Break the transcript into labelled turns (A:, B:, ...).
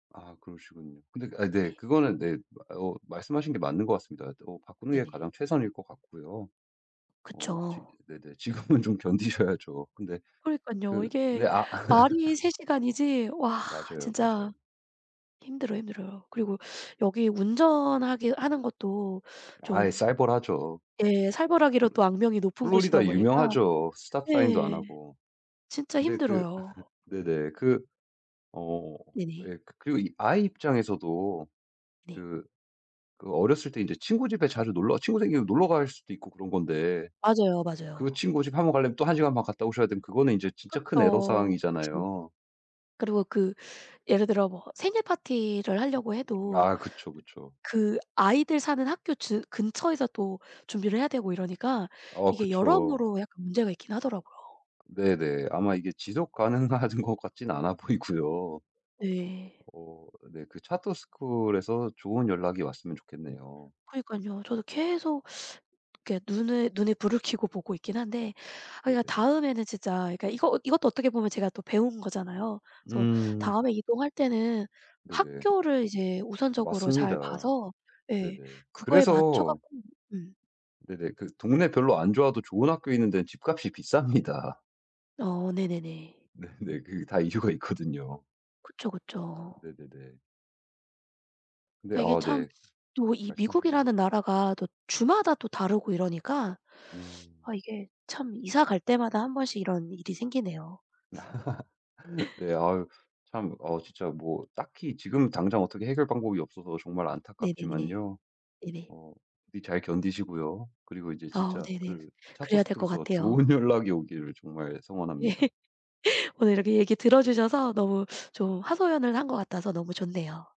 A: 아 그러시군요. 근데 아 네
B: 네.
A: 그거는 네 어 말씀하신 게 맞는 것 같습니다. 어 바꾸는 게
B: 네네.
A: 가장 최선일 것 같고요. 어 지
B: 그쵸.
A: 네네. 지금은 좀 견디셔야죠. 근데
B: 그러니깐요.
A: 그
B: 이게
A: 네 아
B: 말이 3 시간이지 와
A: 맞아요,
B: 진짜
A: 맞아요.
B: 힘들어, 힘들어요. 그리고 여기 운전하게 하는 것도
A: 아이
B: 좀
A: 살벌하죠.
B: 예 살벌하기로
A: 플레.
B: 또 악명이 높은 곳이다
A: 플로리다
B: 보니까
A: 유명하죠. 스톱 사인도 안
B: 예.
A: 하고.
B: 진짜
A: 근데 그
B: 힘들어요.
A: 네네. 그 어
B: 네네.
A: 예. 그 그리고 아이 입장에서도
B: 네.
A: 그 그 어렸을 때 인제 친구 집에 자주 놀러 친구 생기면 놀러 갈 수도 있고 그런 건데
B: 맞아요,
A: 그
B: 맞아요.
A: 친구 집 1 번 가려면 또 1 시간 반 갔다 오셔야 되면 그거는 이제 진짜 큰 애로
B: 그쵸. 그쵸.
A: 사항이잖아요.
B: 그리고 그 예를 들어 뭐 생일파티를 하려고 해도
A: 아 그쵸,
B: 드
A: 그쵸.
B: 그 아이들 사는 학교 즈 근처에서 또 준비를 해야 되고 이러니까
A: 어
B: 이게
A: 그쵸.
B: 여러모로 약간 문제가 있긴 하더라고요.
A: 네네. 아마 이게 지속 가능한 것 같진 않아 보이고요.
B: 네.
A: 어 네 그 차터 스쿨에서 좋은 연락이 왔으면 좋겠네요.
B: 그러니깐요. 저도 계속 이렇게 눈을 눈에 불을 켜고 보고 있긴 한데 아 그러니까
A: 네네.
B: 다음에는 진짜 그러니까 이거 이것도 어떻게 보면 제가 또 배운 거잖아요. 그래서
A: 음.
B: 다음에 이동할 때는
A: 네네.
B: 학교를 이제 우선적으로 잘
A: 맞습니다.
B: 봐서 예.
A: 네네.
B: 그거에 맞춰
A: 그래서
B: 갖고 네.
A: 네네. 그 동네 별로 안 좋아도 좋은 학교 있는 데는 집값이 비쌉니다.
B: 어 네네네.
A: 네네. 그 다 이유가 있거든요.
B: 그쵸, 그쵸.
A: 네네네. 근데
B: 그러니까 이게
A: 아
B: 참
A: 네.
B: 또 이
A: 말씀하세요.
B: 미국이라는 나라가 또 주마다 또 다르고 이러니까
A: 음.
B: 아 이게 참 이사 갈 때마다 1 번씩 이런 일이 생기네요 1 번씩.
A: 네 아유 참. 어 진짜 뭐 딱히 지금 당장 어떻게 해결 방법이 없어서 정말
B: 네네네.
A: 안타깝지만요.
B: 네네.
A: 어 이 잘 견디시고요. 그리고 이제
B: 아
A: 진짜
B: 네네.
A: 그 차터
B: 그래야 될 것
A: 스쿨에서
B: 같아요.
A: 좋은 연락이 오기를 정말
B: 예.
A: 성원합니다.
B: 오늘 이렇게 얘기 들어 주셔서 너무 좀 하소연을 한 것 같아서 너무 좋네요.